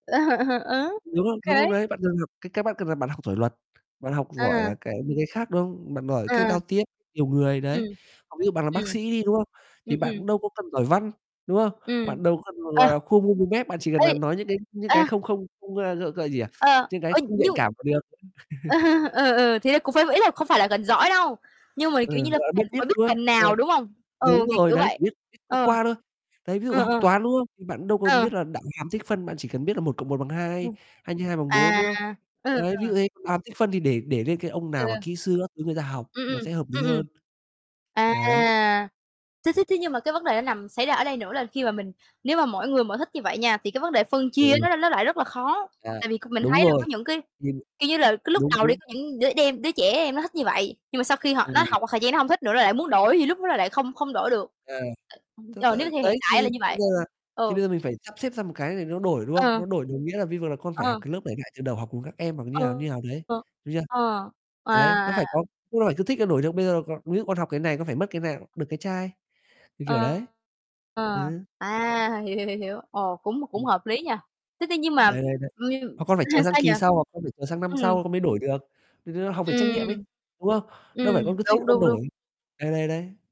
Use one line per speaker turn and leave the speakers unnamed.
Ờ,
Đúng
ô
không? Đúng không
kê.
đấy? Bạn cần học cái cách bạn cần là bạn học giỏi luật, bạn học giỏi
À.
là cái những cái khác, đúng không? Bạn giỏi cái
À.
giao tiếp nhiều người đấy,
Ừm,
còn ví dụ bạn là bác
ừm.
sĩ đi, đúng không?
Ừm,
Thì bạn
ừm.
cũng đâu có cần giỏi Văn, đúng không?
Ừm,
Bạn đâu có cần [unintelligible]
ờ.
là khua môi mua mép, bạn chỉ cần
Y.
là nói những cái những
A.
cái không không không, a, gọi c gì, à,
Ờ,
những cái
ơi,
không nhạy
nhưng
cảm mà được.
ừ, ừ, thế là cũng phải ý là không phải là gần giỏi đâu, nhưng mà,
Ừ,
kiểu như là,
gọi là, biết,
phần phải
biết,
biết
đúng không?
phần
Rồi.
nào, đúng không? Ừ,
Đúng
kiểu,
rồi
kiểu
đấy,
vậy,
chỉ biết biết qua
ờ.
qua thôi, đấy, ví dụ
Ờ,
học
ờ.
Toán, đúng không? Thì bạn đâu cần
Ờ.
biết là đạo hàm, tích phân, bạn chỉ cần biết là 1 cộng 1 bằng 2,
[unintelligible]
2 nhân 2 bằng 4,
À,
đúng không?
ừ,
Đấy,
ừ.
ví dụ thế, đạo hàm, tích phân thì để để lên cái ông
Ừ,
nào mà
ừ.
kỹ sư các thứ người ta học,
Ừm,
nó
ừm,
sẽ hợp lý
ừm, ừm.
hơn.
À,
Đấy.
thế thế thế nhưng mà cái vấn đề nó nằm xảy ra ở đây nữa là khi mà mình nếu mà mỗi người mỗi thích như vậy nha, thì cái vấn đề phân chia
[unintelligible]
nó l nó lại rất là khó,
À,
tại vì c mình
đúng
thấy là có
rồi
những cái,
[unintelligible]
kiểu như là, cái lúc
đúng,
đầu đi
đúng.
có những đứa đem đứa trẻ em nó thích như vậy, nhưng mà sau khi họ nó
Ừm.
học một thời gian nó hông thích nữa nó lại muốn đổi thì lúc đó là lại không không đổi được.
À. tức
ờ,
là,
nếu theo hiện
đấy, thì
tại là như
thì bây
vậy.
giờ là thì
Ừ.
bây giờ mình phải sắp xếp ra một cái thì nó đổi, đúng không?
Ờ.
Nó đổi đồng nghĩa là vi vờ là con phải học
Ờ.
cái lớp để ngại từ đầu học cùng các em hoặc như nào,
Ừ,
như nào đấy,
ờ,
đúng chưa?
ờ,
Đấy,
à,
nó phải
à.
có đúng rồi, cứ thích là đổi được, bây giờ cò ví dụ con học cái này con phải mất cái nào, được cái chai, như kiểu
Ờ,
đấy.
ờ,
Ừ.
à, hiểu, hiểu, hiểu, hiểu, ồ, cũng cũng
Ừm.
hợp lý nhỉ? Thế ti nhưng mà
Đấy, đấy, đấy, hoặc
[unintelligible]
con
s
phải chờ sang
sao nhỉ?
kỳ sau hoặc con phải chờ sang năm
Ừm.
sau con mới đổi được, dạy chúng nó học về trách nhiệm
Ừm.
ấy, đúng không? Đâu
Ừm,
phải con cứ thích là
đúng,
con
đúng,
đổi,
đúng.
đấy, đấy, đấy.